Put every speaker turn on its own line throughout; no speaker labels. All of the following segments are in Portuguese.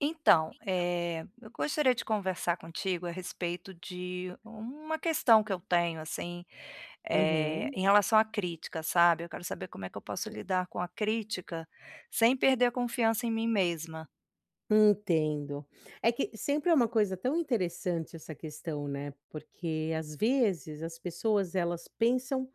Então,
Então, vo você
eh, eu gostaria de
não conversa
conversar contigo à respeito de um uma questão que eu tenho, assim, eh
Uhum.
em relação à crítica, sabe, eu quero saber como é que eu posso lidar com a crítica, sem perder a confiança em mim mesma.
Entendo. É que sempre é uma coisa tão interessante essa questão, né, porque, às vezes, as pessoas elas pensam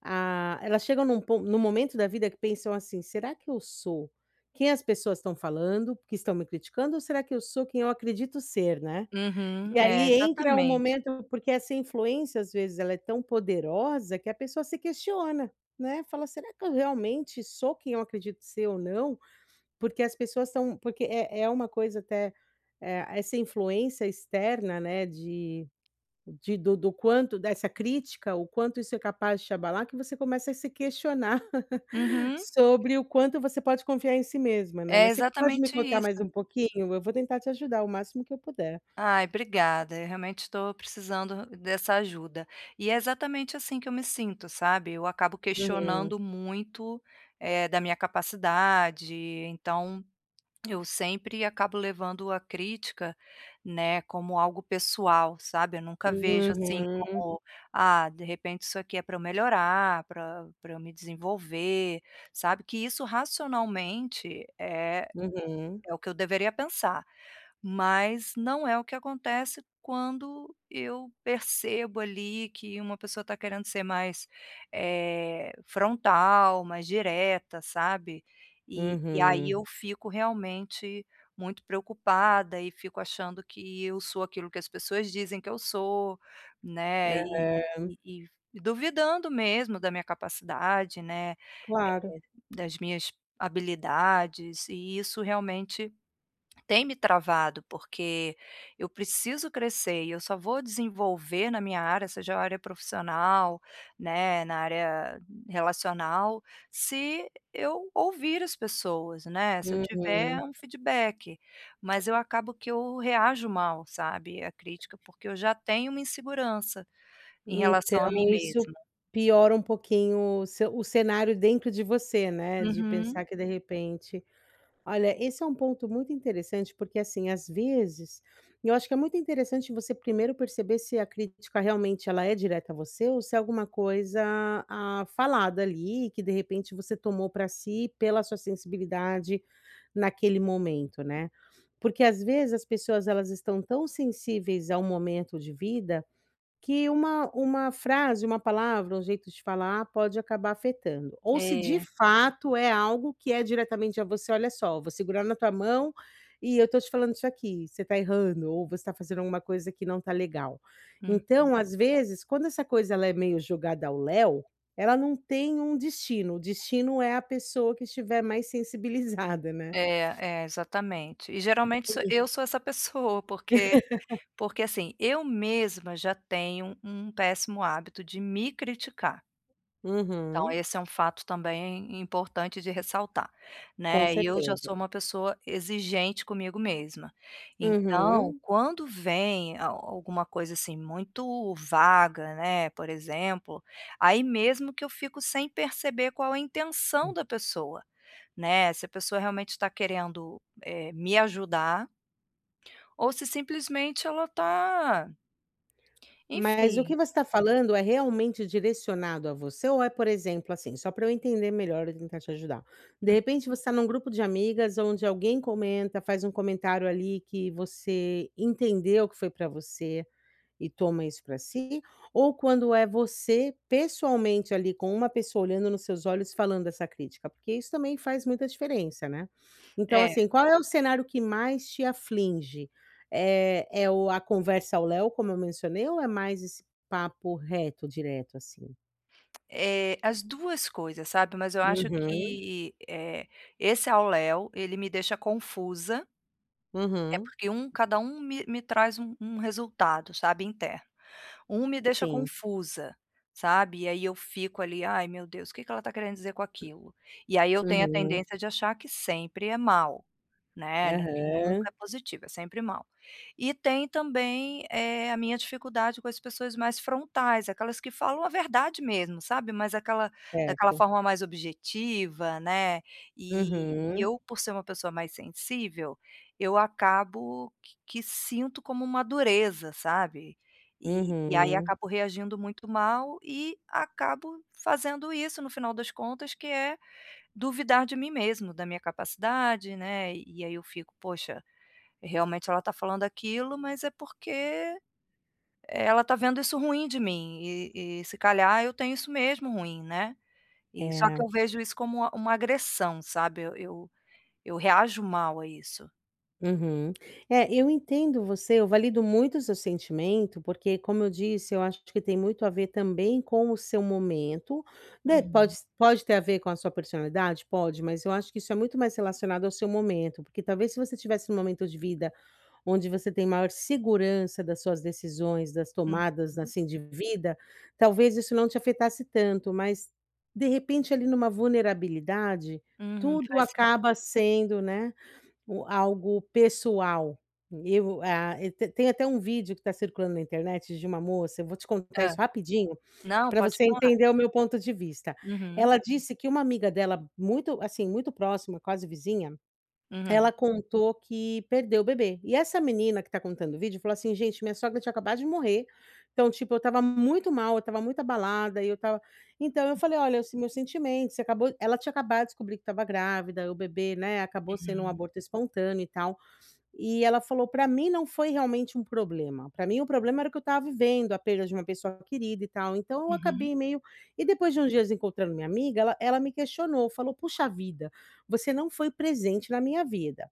ah, elas chegam em um pon em um momento da vida que pensam, assim: "Será que eu sou, quem as pessoas estão falando, porque estão me criticando ou será que eu sou quem eu acredito ser?" Né,
Uhum.
e
É,
aí entra um
exatamente.
momento porque essa influência, às vezes, ela é tão poderosa que a pessoa se questiona, né, fala: "Será que eu realmente sou quem eu acredito ser ou não?" Porque as pessoas são porque é é uma coisa até eh, essa influência externa, né, de de do do quanto dessa crítica, o quanto isso é capaz de te abalar que você começa a se questionar,
Uhum.
sobre o quanto você pode confiar em si mesma, né.
É
Mas você pode me
exatamente
contar
isso.
mais um pouquinho? Eu vou tentar te ajudar o máximo que eu puder.
Ai, obrigada, eu realmente estou precisando dessa ajuda. E é exatamente assim, que eu me sinto, sabe, eu acabo
Uhum.
questionando muito, eh, da minha capacidade. Então, eu sempre acabo levando a crítica, né, como algo pessoal, sabe, eu nunca vejo, assim,
Uhum.
como: "Ah, de repente isso aqui é para eu melhorar, para para eu me desenvolver", sabe, que isso racionalmente é
Uhum.
é o que eu deveria pensar, mas não é o que acontece quando eu percebo ali que uma pessoa está querendo ser mais, eh frontal, mais direta, sabe, e e aí
Uhum.
eu fico realmente muito preocupada e fico achando que eu sou aquilo que as pessoas dizem que eu sou, né e
Aham.
e e duvidando mesmo da minha capacidade né, eh,
Claro.
das minhas habilidades e isso realmente, tem me travado, porque eu preciso crescer e eu só vou desenvolver na minha área seja a área profissional, né, na área relacional, se eu ouvir as pessoas né, se eu tiver
Uhum.
um feedback, mas eu acabo que eu reajo mal, sabe, à crítica, porque eu já tenho uma insegurança, em relação a mim
Então isso
mesma.
piora um pouquinho o ce o cenário dentro de você, né, de
Uhum.
pensar que de repente olha, esse é um ponto muito interessante porque, assim, às vezes, eu acho que é muito interessante você primeiro perceber se a crítica realmente ela é direta a você ou se é alguma coisa, ah, falada ali que de repente você tomou para si pela sua sensibilidade naquele momento, né. Porque, às vezes, as pessoas elas estão tão sensíveis a um momento de vida, que uma uma frase, uma palavra, um jeito de falar pode acabar afetando, ou se de
É.
fato é algo que é diretamente a você: "Olha só, vou segurar na tua mão, e eu estou te falando isso aqui, você está errando ou você está fazendo alguma coisa que não está legal".
Uhum.
Então às vezes quando essa coisa ela é meio jogada ao léo, ela não tem um destino, o destino é a pessoa que estiver mais sensibilizada, né.
É, é, exatamente. E geralmente sou
Uhum.
eu sou essa pessoa porque porque, assim, eu mesma já tenho um péssimo hábito de me criticar. Então
Uhum.
esse é um fato também importante de ressaltar,
Com
né, e eu já
certeza.
sou uma pessoa exigente comigo mesma. Então
Uhum.
quando vem a alguma coisa, assim, muito vaga, né, por exemplo, aí mesmo que eu fico sem perceber qual a intenção
Hum.
da pessoa, né, se a pessoa realmente está querendo, eh, me ajudar ou se simplesmente ela está
Mas o que
Enfim.
você está falando é realmente direcionado a você ou é por exemplo, assim, só para eu entender melhor e tentar te ajudar. De
Hum.
repente você está em um grupo de amigas aonde alguém comenta, faz um comentário ali que você entendeu que foi para você, e toma isso para si, ou quando é você pessoalmente ali com uma pessoa olhando nos seus olhos e falando essa crítica? Porque isso também faz muita diferença, né. Então,
É.
assim, qual é o cenário que mais te aflige? É é o a conversa ao léo como eu mencionei ou é mais esse papo reto, direto, assim?
Eh, as duas coisas, sabe. Mas eu acho
Uhum.
que eh, esse ao léo, ele me deixa confusa É,
Uhum.
porque um cada um me me traz um um resultado, sabe, interno. Um me deixa
Sim.
confusa, sabe, e aí eu fico ali: "Ai meu Deus, que que ela está querendo dizer com aquilo?" E aí eu tenho a
Uhum.
tendência de achar que sempre é mau, né, não é que nunca
Aham.
é positivo, é sempre mau. E tem também, eh, a minha dificuldade com as pessoas mais frontais, aquelas que falam a verdade mesmo, sabe, mas aquela daquela
Certo.
forma mais objetiva, né, e e
Uhum.
eu por ser uma pessoa mais sensível, eu acabo que que sinto como uma dureza, sabe, e e aí
Uhum.
acabo reagindo muito mal e acabo fazendo isso no final das contas que é: duvidar de mim mesmo, da minha capacidade, né. E aí eu fico: "Poxa, realmente ela está falando aquilo, mas é porque, ela está vendo isso ruim de mim e e se calhar eu tenho isso mesmo ruim, né". E só que
É.
eu vejo isso como uma uma agressão, sabe, eu eu eu reajo mal a isso.
Uhum. É, eu entendo você, eu valido muito o seu sentimento, porque como eu disse, eu acho que tem muito a ver também com o seu momento. Né, pode
Uhum.
s pode ter a ver com a sua personalidade? Pode, mas eu acho que isso é muito mais relacionado ao seu momento, porque talvez se você estivesse num momento de vida onde você tem maior segurança das suas decisões, das tomadas,
Uhum.
assim, de vida, talvez isso não te afetasse tanto. Mas, de repente, ali numa vulnerabilidade,
Uhum.
tudo
Faz
acaba
sentido.
sendo, né, u algo pessoal. Eu a te tem até um vídeo que está circulando na internet de uma moça, eu vou te contar
Hã.
isso rapidinho,
Não,
pra
pode
você
falar.
entender o meu ponto de vista.
Uhum.
Ela disse que uma amiga dela muito assim, muito próxima, quase vizinha,
Uhum.
ela contou que perdeu o bebê. E, essa menina que tá contando o vídeo falou assim: "Gente minha sogra tinha acabado de morrer, então, tipo, eu estava muito mal, eu estava muito abalada e eu estava" Então eu falei: "Olha o se meus sentimentos, você acabou" ela tinha acabado a descobrir que estava grávida e o bebê, né, acabou sendo um
Uhum.
aborto espontâneo e tal. E ela falou: "Para mim não foi realmente um problema, para mim o problema era que eu estava vivendo a perda de uma pessoa querida e tal, então eu
Uhum.
acabei meio" E depois de uns dias encontrando minha amiga ela ela me questionou, falou: "Puxa vida, você não foi presente na minha vida".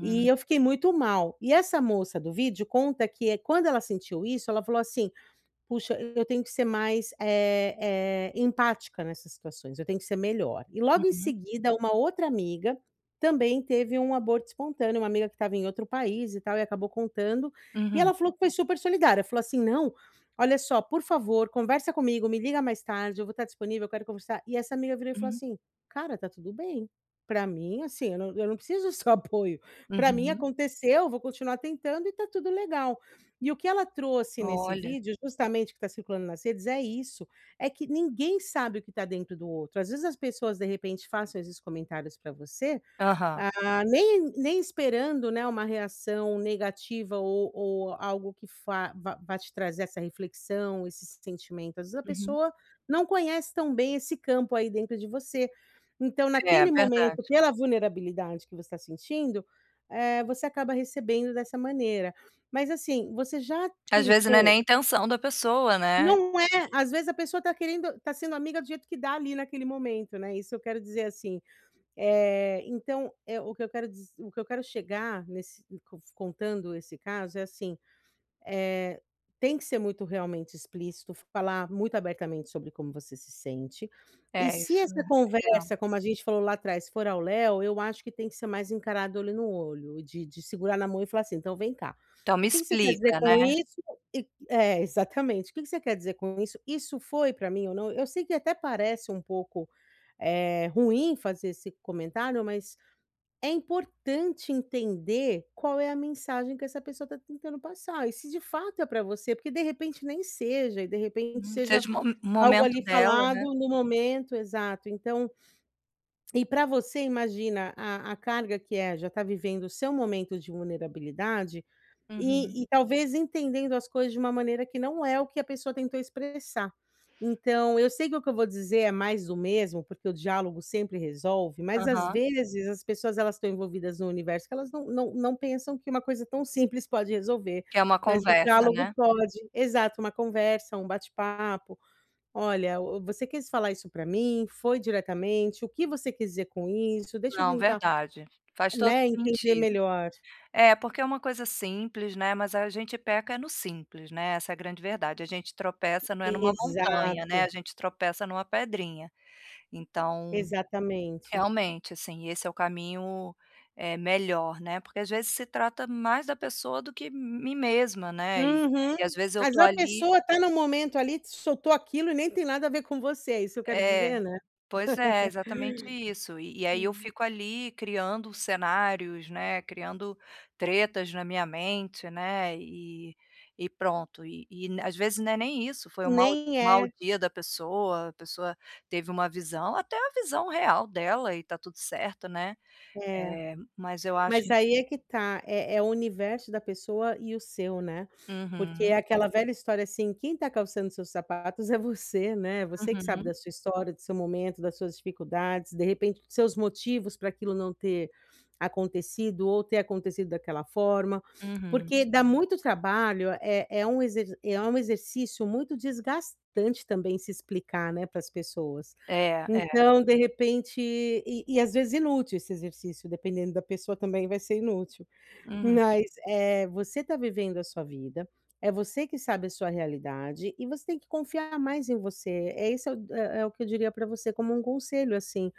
E eu fiquei muito mal, e essa moça do vídeo conta que é quando ela sentiu isso ela falou assim: "Puxa eu tenho que ser mais, é é, empática nessas situações, eu tenho que ser melhor". E logo em
Uhum.
seguida uma outra amiga, também teve um aborto espontâneo, uma amiga que estava em outro país e tal e acabou contando. E
Uhum.
ela falou que foi super solidária, falou assim: "Não, olha só por favor conversa comigo, me liga mais tarde, eu vou estar disponível, eu quero conversar". E essa amiga virou e falou
Uhum.
assim: "Cara, está tudo bem. Para mim assim, eu não eu não preciso do seu apoio, para mim
Uhum.
aconteceu, vou continuar tentando e está tudo legal". E o que ela trouxe nesse
Olha.
vídeo, justamente o que está circulando nas redes, é isso, é que ninguém sabe o que está dentro do outro, às vezes as pessoas, de repente, façam esses comentários pra você,
Aham.
ah, nem nem esperando, né, uma reação negativa ou ou algo que fa vá vá te trazer essa reflexão, esse sentimento. Às vezes a
Uhum.
pessoa não conhece tão bem esse campo aí dentro de você. Então,
É,
naquele momento,
verdade.
pela vulnerabilidade que você tá sentindo, eh, você acaba recebendo dessa maneira. Mas assim, você já
Às vezes não é
tentou
nem intenção da pessoa, né.
Não é. Às vezes a pessoa tá querendo tá sendo amiga do jeito que dá ali naquele momento, né, isso eu quero dizer assim. Eh, então é o que eu quero diz o que eu quero chegar nesse cof contando esse caso é assim: eh, tem que ser muito realmente explícito, falar muito abertamente sobre como você se sente. E
É,
se
isso.
essa
É.
conversa como a gente falou lá atrás for ao léu, eu acho que tem que ser mais encarado olho no olho, de de segurar na mão e falar assim: "Então vem cá,
Então me
o que que você quer dizer
explica, né.
com isso?" E é exatamente. "O que que você quer dizer com isso? Isso foi pra mim ou não?" Eu sei que até parece um pouco, eh, ruim fazer esse comentário mas, é importante entender qual é a mensagem que essa pessoa tá tentando passar e se, de fato, é pra você, porque, de repente, nem seja e, de repente,
Hum,
seja
seja o mo
algo
momento
ali
dela,
falado
né.
no momento exato, então, e para você imagina a a carga que é já está vivendo o seu momento de vulnerabilidade,
Uhum.
e e talvez entendendo as coisas de uma maneira que não é o que a pessoa tentou expressar. Então, eu sei que o que eu vou dizer é mais do mesmo, porque o diálogo sempre resolve, mas às
Aham.
vezes as pessoas elas estão envolvidas no universo que elas não não não pensam que uma coisa tão simples pode resolver,
Quer uma
mas o
conversa,
diálogo
né.
pode, exato uma conversa, um bate-papo. "Olha, você quis falar isso pra mim? Foi diretamente? o que você quis dizer com isso? Deixa eu
Não,
tentar,
verdade. Faz todo
né, entender
sentido.
melhor".
É porque é uma coisa simples, né, mas a gente peca é no simples, né, essa é a grande verdade. A gente tropeça, não é numa montanha, né,
Exato.
a gente tropeça numa pedrinha. Então,
Exatamente.
realmente, assim, esse é o caminho, eh, melhor, né, porque às vezes se trata mais da pessoa do que m mim mesma, né. Eh, e às
Uhum.
vezes eu
Mas
tô
a
ali
pessoa tá no momento ali, te soltou aquilo e nem tem nada a ver com você, é isso eu quero
É,
dizer, né.
pois é, exatamente isso. E, e aí eu
Hum.
fico ali criando cenários, né, criando tretas na minha mente, né, e e pronto. E e, n às vezes, não é nem isso, foi um mau
Nem
mau
é.
dia da pessoa, a pessoa teve uma visão até uma visão real dela e tá tudo certo, né.
É.
Eh, mas eu acho
Mas aí é que tá, é é, o universo da pessoa e o seu, né. Porque é
Uhum.
aquela velha história assim, quem está calçando seus sapatos é você, né, você que sabe
Uhum.
da sua história, do seu momento, das suas dificuldades, de repente, os seus motivos para aquilo não ter acontecido ou ter acontecido daquela forma.
Uhum.
Porque dá muito trabalho, é é um exer é um exercício muito desgastante também se explicar, né, para as pessoas.
É, é.
Então, de repente e e às vezes, inútil esse exercício, dependendo da pessoa também, vai ser inútil.
Uhum.
Mas, eh, você tá vivendo a sua vida, é você que sabe a sua realidade, e você tem que confiar mais em você, é esse é o é o que eu diria pra você como um conselho assim.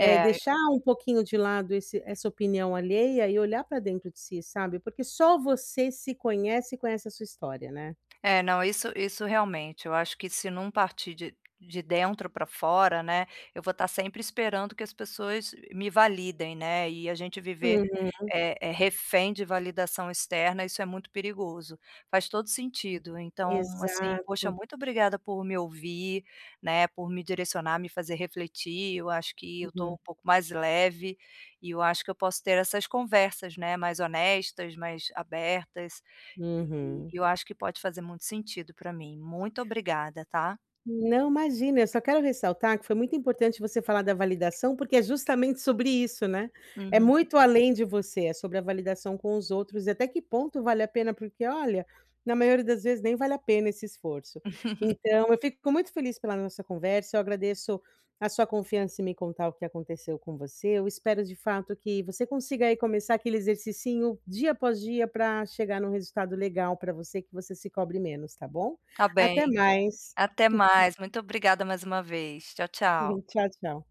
É deixar um pouquinho de lado esse essa opinião alheia e olhar pra dentro de si, sabe. Porque só você se conhece e conhece a sua história, né.
É, não, isso isso realmente eu acho que se não partir de de dentro pra fora, né, eu vou estar sempre esperando que as pessoas me validem, né, e a gente viver,
Uhum.
é é refém de validação externa isso é muito perigoso. Faz todo sentido então, assim, poxa
Exato.
muito obrigada por me ouvir, né, por me direcionar, me fazer refletir. Eu acho que eu tô
Uhum.
um pouco mais leve, e eu acho que eu posso ter essas conversas, né, mais honestas, mais abertas, e
Uhum.
e eu acho que pode fazer muito sentido pra mim. Muito obrigada, tá.
Não, imagina, eu só quero ressaltar que foi muito importante você falar da validação, porque é justamente sobre isso, né, é
Uhum.
muito além de você, é sobre a validação com os outros e até que ponto vale a pena porque, olha, na maioria das vezes nem vale a pena esse esforço. Então eu fico muito feliz pela nossa conversa, eu agradeço a sua confiança em me contar o que aconteceu com você, eu espero de fato que você consiga aí começar aquele exercicinho dia após dia para chegar num resultado legal pra você, que você se cobre menos, tá bom?
Tá
Até
bem.
mais.
Até mais. Muito obrigada mais uma vez. Tchau, tchau.
Uhum. Tchau, tchau.